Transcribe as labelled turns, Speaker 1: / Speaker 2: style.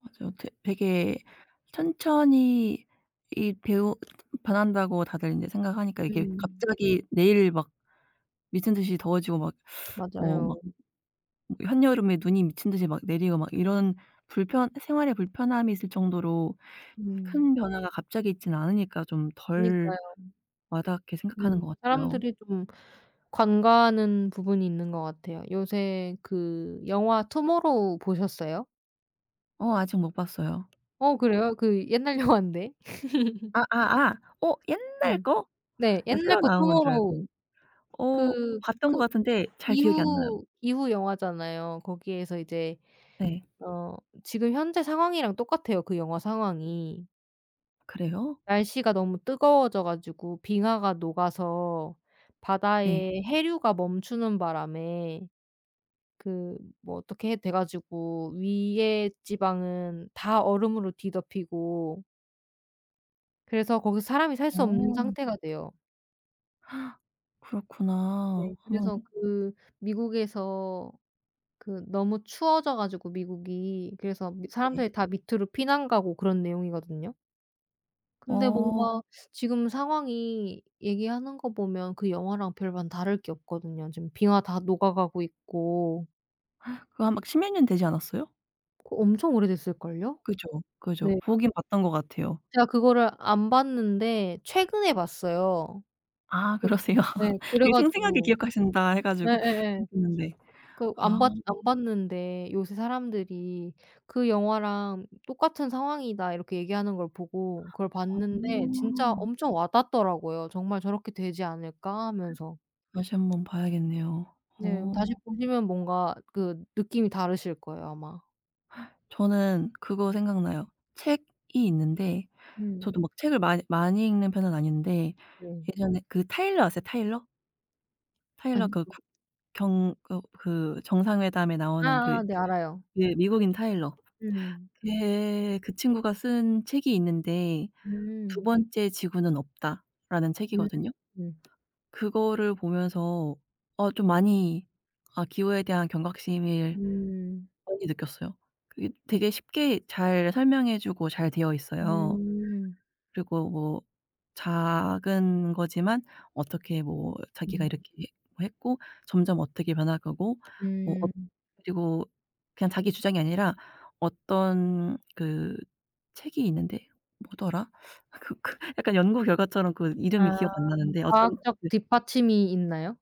Speaker 1: 맞아요. 되 되게
Speaker 2: [unintelligible]
Speaker 1: 천천히 이 배우 변한다고 다들 인제 생각하니까 이게
Speaker 2: 음.
Speaker 1: 갑자기 내일 막 미친 듯이 더워지고 막 어
Speaker 2: 맞아요.
Speaker 1: 막 한여름에 눈이 미친 듯이 막 내리고 막 이런 불편 생활에 불편함이 있을 정도로
Speaker 2: 음.
Speaker 1: 큰 변화가 갑자기 있진 않으니까 좀 덜
Speaker 2: 그니까요.
Speaker 1: 와닿게 생각하는 것
Speaker 2: 음.
Speaker 1: 같아요.
Speaker 2: 사람들이 좀 간과하는 부분이 있는 것 같아요. 요새 그 영화 투모로우 보셨어요?
Speaker 1: 어 아직 못 봤어요.
Speaker 2: 어 그래요? 그 옛날 영화인데.
Speaker 1: 아아아. 어 옛날
Speaker 2: 음.
Speaker 1: 거?
Speaker 2: 네.
Speaker 1: 난
Speaker 2: 옛날
Speaker 1: 새로
Speaker 2: 거
Speaker 1: 나온 건 줄 알고.
Speaker 2: 투모로우.
Speaker 1: 어
Speaker 2: 그
Speaker 1: 봤던
Speaker 2: 그
Speaker 1: 것 같은데 잘 기억이 안 나요.
Speaker 2: 기후 기후 영화잖아요. 거기에서 이제
Speaker 1: 네.
Speaker 2: 어 지금 현재 상황이랑 똑같아요 그 영화 상황이.
Speaker 1: 그래요?
Speaker 2: 날씨가 너무 뜨거워져 가지고 빙하가 녹아서
Speaker 1: 네.
Speaker 2: 바다에 해류가 멈추는 바람에 그 뭐 어떻게 돼 가지고 위에 지방은 다 얼음으로 뒤덮이고 그래서 거기서 사람이 살 수 없는
Speaker 1: 어.
Speaker 2: 상태가 돼요.
Speaker 1: 그렇구나.
Speaker 2: 네.
Speaker 1: 하면
Speaker 2: 그래서 그 미국에서 그 너무 추워져 가지고 미국이 그래서 미
Speaker 1: 네.
Speaker 2: 사람들이 다 밑으로 피난 가고 그런 내용이거든요. 근데
Speaker 1: 어.
Speaker 2: 뭔가 지금 상황이 얘기하는 거 보면 그 영화랑 별반 다를 게 없거든요, 지금 빙하 다 녹아가고 있고.
Speaker 1: 그거 한 막 십몇 년 되지 않았어요?
Speaker 2: 그 엄청 오래됐을걸요?
Speaker 1: 그죠. 그죠.
Speaker 2: 네.
Speaker 1: 보긴 봤던 것 같아요.
Speaker 2: 제가 그거를 안 봤는데 최근에 봤어요.
Speaker 1: 아
Speaker 2: 그
Speaker 1: 그러세요.
Speaker 2: 네 그래
Speaker 1: 되게 생생하게
Speaker 2: 가지고
Speaker 1: 기억하신다 해 가지고
Speaker 2: 예예예.
Speaker 1: [unintelligible] 는데
Speaker 2: 그
Speaker 1: 아.
Speaker 2: 안 봤 안 봤는데 요새 사람들이 "그 영화랑 똑같은 상황이다." 이렇게 얘기하는 걸 보고 그걸 봤는데 진짜
Speaker 1: 어.
Speaker 2: 엄청 와닿더라고요, '정말 저렇게 되지 않을까?' 하면서.
Speaker 1: 다시 한번 봐야겠네요.
Speaker 2: 네.
Speaker 1: 어.
Speaker 2: 다시 보시면 뭔가 그 느낌이 다르실 거예요 아마.
Speaker 1: 저는 그거 생각나요. 책이 있는데
Speaker 2: 음.
Speaker 1: 저도 막 책을 많이 많이 읽는 편은 아닌데
Speaker 2: 네.
Speaker 1: 예전에 그 타일러 아세요 타일러? 타일러
Speaker 2: 아니.
Speaker 1: 그 국
Speaker 2: [unintelligible]
Speaker 1: 경 어 그 정상회담에 나오는 그
Speaker 2: 아아 네. 알아요.
Speaker 1: 예 미국인 타일러
Speaker 2: 음.
Speaker 1: 걔 그 친구가 쓴 책이 있는데 "두
Speaker 2: 음.
Speaker 1: 번째 지구는 없다."라는
Speaker 2: 음
Speaker 1: 책이거든요.
Speaker 2: 음.
Speaker 1: 그거를 보면서 어 좀 많이 아 기후에 대한 경각심을
Speaker 2: 음.
Speaker 1: 많이 느꼈어요. 그게 되게 쉽게 잘 설명해 주고 잘되어 있어요.
Speaker 2: 음.
Speaker 1: 그리고 뭐 작은 거지만 어떻게 뭐 자기가
Speaker 2: 음.
Speaker 1: 이렇게 했 했고 점점 어떻게 변할 거고 뭐 엇
Speaker 2: 음.
Speaker 1: 그리고 그냥 자기 주장이 아니라 어떤 그 책이 있는데 뭐더라 아 그 그 약간 연구 결과처럼 그 이름이
Speaker 2: 아.
Speaker 1: 기억 안 나는데 어떤
Speaker 2: 과학적
Speaker 1: 그
Speaker 2: 뒷받침이 있나요?